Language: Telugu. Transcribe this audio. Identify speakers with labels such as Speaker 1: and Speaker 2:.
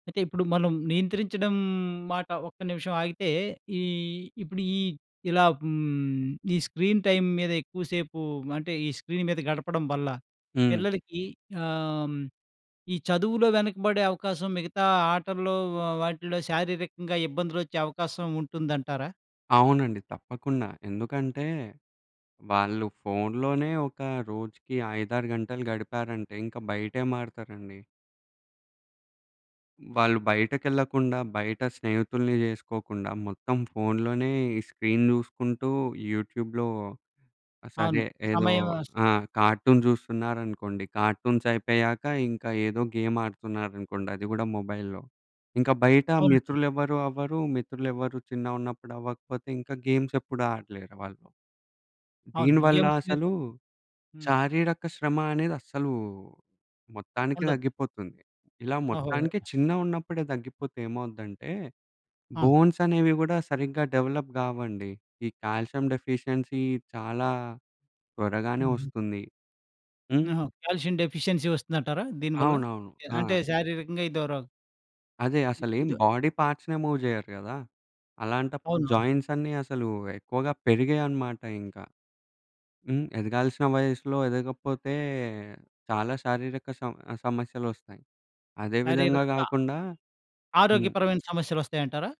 Speaker 1: అయితే ఇప్పుడు మనం నియంత్రించడం మాట ఒక్క నిమిషం ఆగితే, ఈ ఇప్పుడు ఈ ఇలా హ్మ్, ఈ స్క్రీన్ టైమ్ మీద ఎక్కువ సేపు అంటే, ఈ స్క్రీన్ మీద గడపడం వల్ల.
Speaker 2: హ్మ్.
Speaker 1: పిల్లలికి ఆహ్, ఈ చదువులో వెనకబడే అవకాశం మిగతా ఆటల్లో వ వాటిల్లో శారీరకంగా ఇబ్బందులొచ్చే అవకాశం ఉంటుందంటారా?
Speaker 2: అవునండి. తప్పకుండా ఎందుకంటే వాళ్ళు ఫోన్‌లోనే ఒక రోజుకి 5, 6 గంటలు గడిపారంటే, ఇంక బయటేమాటడతారండి? వాళ్ళు బయటకెళ్ళకుండా బయట స్నేహితుల్ని జేసుకోకుండా మొత్తం ఫోన్‌లోనే ఈ స్క్రీన్ చూసుకుంటూ యూట్యూబ్‌లో, సరే
Speaker 1: అవును.
Speaker 2: ఏదో
Speaker 1: సమయం
Speaker 2: ఆ! కార్టూన్ చూస్తున్నారనుకోండి. కార్టూన్స్ అయిపోయాక ఇంకా ఏదో గేమ్ ఆడుతున్నారనుకోండి. అది గూడా మొబైల్లో. ఇంకా బయట
Speaker 1: అవునండి.
Speaker 2: మిత్రులెవరు అవ్వరు. మిత్రులెవరూ చిన్నగున్నప్పుడవ్వకపోతే, ఇంకా గేమ్సెప్పుడు ఆడలేరు వాళ్ళు.
Speaker 1: అవును.
Speaker 2: దీనివల్ల
Speaker 1: గేమ్స్ మీద
Speaker 2: అసలు
Speaker 1: హ్మ్.
Speaker 2: శారీరక శ్రమ అనేది అస్సలు మొత్తానికి
Speaker 1: ఉండదు.
Speaker 2: తగ్గిపోతుంది. ఇలా
Speaker 1: ఓహో!
Speaker 2: మొత్తానికి
Speaker 1: ఓహ్!
Speaker 2: చిన్నగున్నప్పుడే తగ్గిపోతే ఏమవుద్దంటే,
Speaker 1: ఆ!
Speaker 2: బోన్సనేవి గూడా సరిగ్గా డెవలప్ గావండి. ఈ కాల్షియం డెఫిషియన్సీ చాలా త్వరగానే
Speaker 1: హుహు.
Speaker 2: వస్తుంది. హ్మ్.
Speaker 1: ఆహా! కాల్షియం డెఫిషియన్సీ వస్తుందంటారా? దీనివల్ల
Speaker 2: అవునవును. ఆ!
Speaker 1: అంటే శారీరకంగా ఇదొ రో
Speaker 2: అదే.
Speaker 1: ఇ
Speaker 2: అసలేం
Speaker 1: ఇదొ
Speaker 2: బాడీ పార్ట్స్‌నే మూవ్ చేయరు గదా! అలాంటప్పుడు
Speaker 1: అవును.
Speaker 2: జాయింట్స్ అన్నీ అసలు ఎక్కువగా పెరిగాయనమాట ఇంక. హ్మ్. ఎదగాల్సిన వయసులో ఎదగపోతే చాలా శారీరక సమ సమస్యలొస్తాయి. అదే విధంగా
Speaker 1: శారీరంగా
Speaker 2: గాకుండా హ్మ్.
Speaker 1: ఆరోగ్యపరమైన సమస్యలొస్తాయంటారా?